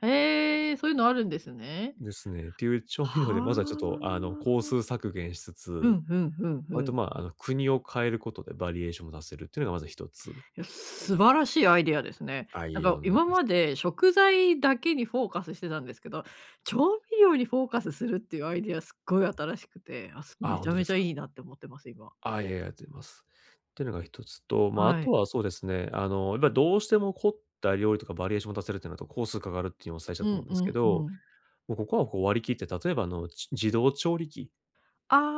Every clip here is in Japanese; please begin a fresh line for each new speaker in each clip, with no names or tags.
へえ、そういうのあるんですね。
ですね。ていう調
は
味料でまずはちょっと、あの、
あ。
工数削減しつ
う
つ。
ん、ふんふんふ
割と
ん。
まあ、あの、国を変えることでバリエーションを出せるっていうのがまず1つ。
いや、素晴らしいアイディアですね。
あ、い
な
えい
ん
え、と
か
んでもない
今
です。
まで食材だけにフォーカスしてたんですけど。調味料にフォーカスするっていうアイディアすっごい新しくて。あ、そう
あ、
め
本
ちゃ
当で
めち
す
ゃ
か？
いいなって思ってます、今。
あ、いやいや、ありがとうございます。ていうのが1つと。まあ、あ
は
と
い。
はそうですね。あの、やっぱどうしても凝った料理とかバリエーションを出せるってなると、工数かかるっていうの最初た
う
と思う
ん
ん
う
ですけ
んう
ど。
ん。
もうここはこう割り切って、例えば、あの、じ自動調理器。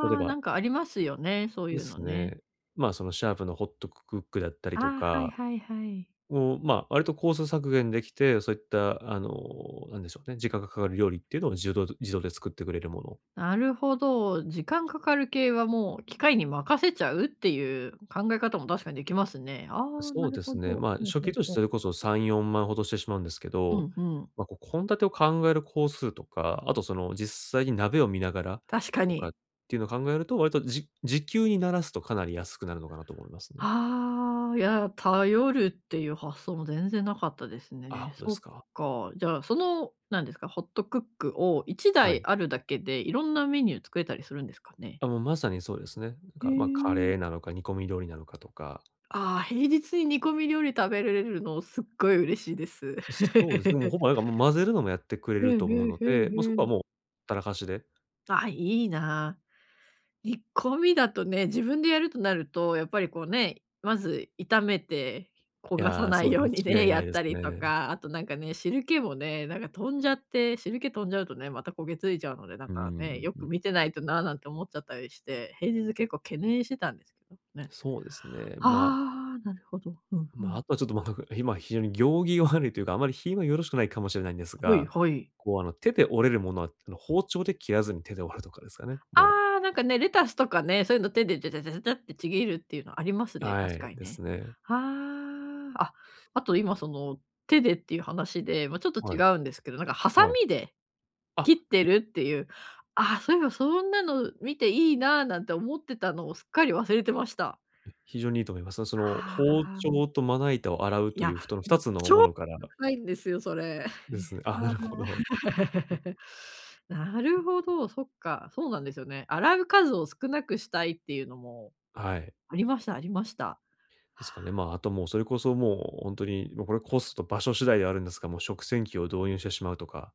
例え
あ、
ば
なんかありますよね、そう
で
いうの
す
ね。
ね。まあ、そのシャープのホットクックだったりと
ああ、はい
か
はいはい。
を、ま、割と工数削減できて。そういった、あの、なんでしょうね、時間がかかる料理っていうのをじど自動で作ってくれるもの。
なるほど、時間かかる系はもう機械に任せちゃうっていう考え方も確かにできますね。ああ、
そ
な
う
る
で
ほ
す
ど。
ね。
ほ
ま、
う
初
ほ
期
う
とし
ほ
て
う。
それこそ3、4万ほどしてしまうんですけ
う
ど。
ん、ふん。
ま、こう献立を考える工数とか。あと、その、実際に鍋を見ながら
確か
とかっ
に。
ていうのを考えると、割とじ時給にならすとかなり安くなるのかなと思いますね。
ああ、いや、頼るっていう発想も全然無かったです
あ、
ね。
本当で
そ
す
っ
か？
か、じゃ、その、何ですか、ホットクックをいちだ
は
い
い。
あるだけで、色んなメニュー作れたりするんですかね？
あ、もう、まさにそうですね。なん
う
か、ま、カ
ー
レ
ん。
ーなのか、煮込み料理なのかとか。
ああ、平日に煮込み料理食べれれるの、すっごい嬉しいです。
そうですね。でも、ほぼなんか混ぜるのもやってくれ
う
る
ん、
と
ふ
思う
ん
の
ふん
で、
ふ
ま、そこは
ん。
もうほったらかしで。
ああ、いいな。煮込みだとね、自分でやるとなると、やっぱりこうね、まず炒めて、焦
い
がさ
や、
な
そ
い
う、
ように
間
ね、
違い
や
な
っ
いで
た
す
りと
ね。
か。あとなんかね、汁気もね、なんか飛んじゃって、汁気飛んじゃうとね、また焦げ付いちゃうので。なん
うー
か
ん。
ね、よく
う。
見てないとな、なんて思っちゃったりして。平日結構懸念してたんですけど、ね。
そうですね。まあ。
ああ、なるほど、ふんふ
ま、
ん。
あとはちょっと、ま、今非常に行儀悪いというか、あまり品はよろしくないかもしれないんです
はい
が。
はい。
こう、あの、手で折れるものは、あの、包丁で切らずに手でわるとかですかね、もう。
ああ、なんかね、レタスとかね、そういうの手でじゃじゃじゃじゃじゃってちぎるっていうのありますね、
は
確か
い、
に
で
ね。
すね。
ああ。あ、あと今その手でっていう話で、まあちょっと違
はい。
うんですけど。なんかハサ
はい。
ミで
あ、
切って
い
るっていう。ああ、そういえばそんなの見ていいななんて思ってたのをすっかり忘れてました。
うん。非常にいいと思います。その、
は
包
あ、うん。
丁とまな板を洗う
い
とい
や、
うふとふた
もう
つ
超
のものから。
高いんですよ、それ。へえ。
ですね、ああ、なるほど。
なるほど、そっか、そうなんですよね。洗う数を少なくしたいっていうのも。
はい。
ありましたありました。
ですかね、ま、あともうそれこそもう本当に、ま、これコスト場所次第ではあるんですが、もう食洗機を導入してしまうとか。